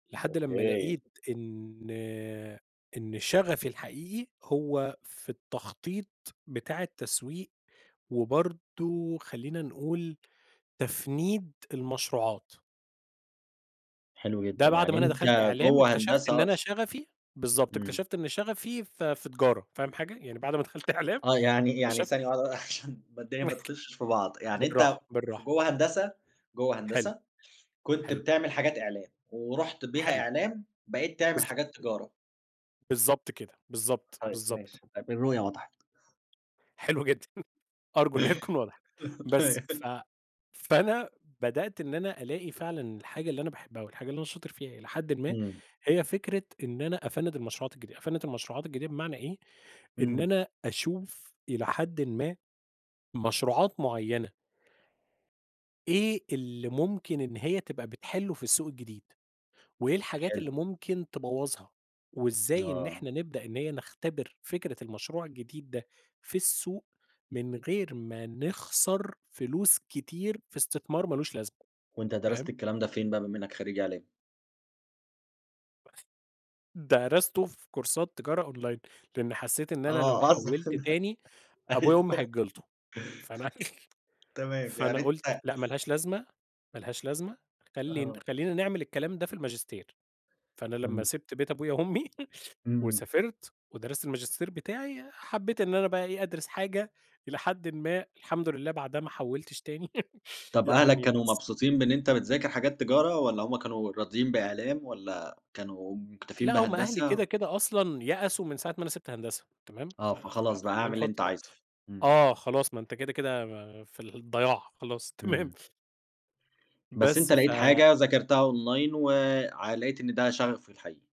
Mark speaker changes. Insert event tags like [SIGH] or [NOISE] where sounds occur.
Speaker 1: لحد لمّا
Speaker 2: أوكي.
Speaker 1: لقيت إن إن شغفي الحقيقي هو في التخطيط بتاع التسويق، وبرضه خلّينا نقول، تفنيد المشروعات.
Speaker 2: حلو
Speaker 1: ده
Speaker 2: جدًا،
Speaker 1: بَعد
Speaker 2: يعني
Speaker 1: ما أنا
Speaker 2: أنت
Speaker 1: دخَلت إعلام،
Speaker 2: جوَّه
Speaker 1: اكتشَفت إن
Speaker 2: هندسة
Speaker 1: أنا
Speaker 2: أصلًا.
Speaker 1: شغفي بالضبط،
Speaker 2: امم.
Speaker 1: اكتشَفت إن شغفي في في تجارة، فاهم حاجة، يعني بعد ما دخَلت إعلام،
Speaker 2: آه يعني، يعني
Speaker 1: اكتشفت
Speaker 2: ثانية واحدة بقى عشان [CHUCKLES] ما الدنيا ما
Speaker 1: [CHUCKLES]
Speaker 2: تخُشّش في بعض، يعني أنت،
Speaker 1: بالراحة،
Speaker 2: في
Speaker 1: بالراحة.
Speaker 2: جوَّه هندسة، جوَّه
Speaker 1: حلو،
Speaker 2: هندسة، كنت
Speaker 1: حلو.
Speaker 2: بتعمل حاجات إعلام، ورُحت بيها
Speaker 1: حلو.
Speaker 2: إعلام، بقيت تعمل
Speaker 1: بالضبط.
Speaker 2: حاجات تجارة.
Speaker 1: بالضبط كده، بالضبط،
Speaker 2: طيب
Speaker 1: بالضبط.
Speaker 2: ماشي، طيب الرؤية وضَحِت.
Speaker 1: حلو جدًا، أرجو إن هي تكون وضَحِت. بس، ف
Speaker 2: [GIGGLES]
Speaker 1: فأنا بدأت إن أنا ألاقي فعلًا الحاجة اللي أنا باحبها والحاجة اللي أنا شاطر فيها إلى حدٍ ما،
Speaker 2: امم.
Speaker 1: هي فكرة إن أنا أفنّد المشروعات الجديدة، أفنّد المشروعات الجديدة بمعنى إيه، إن
Speaker 2: امم.
Speaker 1: أنا أشوف إلى حدٍ ما، مشروعات معيّنة إيه اللي ممكن إن هي تبقى بتحلّه في السوق الجديد، وإيه الحاجات اللي
Speaker 2: حلو.
Speaker 1: ممكن تبوّظها، وإزاي إن
Speaker 2: آه.
Speaker 1: إحنا نبدأ إن هي نختبِر فكرة المشروع الجديد ده، في السوق من غير ما نخسَر فلوس كتير في إستثمار ما لوش لازمة،
Speaker 2: وأنت درَست
Speaker 1: فاهم؟
Speaker 2: الكلام ده فين بقى بما إنك خرّيج إعلام؟
Speaker 1: درَستوا في كورسات تجارة أونلاين لأني حسّيت إن أنا لو
Speaker 2: آه أصلًا،
Speaker 1: حوّلت تاني، أبويا وأمي
Speaker 2: أيوه.
Speaker 1: هيتجلِطوا، فأنا أك [LAUGHS]
Speaker 2: تمام، يعني
Speaker 1: فأنا قُلت،
Speaker 2: أنت
Speaker 1: لأ ما لهاش لازمة، ما لهاش لازمة، خلّي
Speaker 2: آه.
Speaker 1: خلّينا نعمل الكلام ده في الماجستير، فأنا لمّا
Speaker 2: [UNINTELLIGIBLE]
Speaker 1: سِبت بيت أبويا وأمي [CHUCKLES]
Speaker 2: امم.
Speaker 1: وسافرت، ودرست الماجستير بتاعي، حبّيت إن أنا بقى إيه، أدرِس حاجة إلى حدٍ ما الحمد لله بَعدها ما حوّلتش تاني [GIGGLES]
Speaker 2: طَب أهلَك
Speaker 1: يعني،
Speaker 2: كانوا
Speaker 1: بس.
Speaker 2: مبسوطين بإن أنت بتذاكر حاجات تجارة والّا هُم كانوا راضيين بإعلام والّا كانوا مُكتَفيين
Speaker 1: لأ هُم أهلي
Speaker 2: بهندسة؟
Speaker 1: كده، كده، أصلًا يأسوا من ساعة ما أنا سِبت هندسة، تمام،
Speaker 2: آه
Speaker 1: ف خ
Speaker 2: فخلاص بقى،
Speaker 1: خلّينا
Speaker 2: اعمل اللي
Speaker 1: نحُط
Speaker 2: أنت
Speaker 1: بقى
Speaker 2: عايزه. امم.
Speaker 1: آه خلاص ما أنت كده، كده، في الضياع، خلاص تمام
Speaker 2: امم. بس
Speaker 1: بس،
Speaker 2: أنت لقيت
Speaker 1: ف
Speaker 2: حاجة وذاكرتها أونلاين و ع لقيت إن ده شغفك الحقيقي.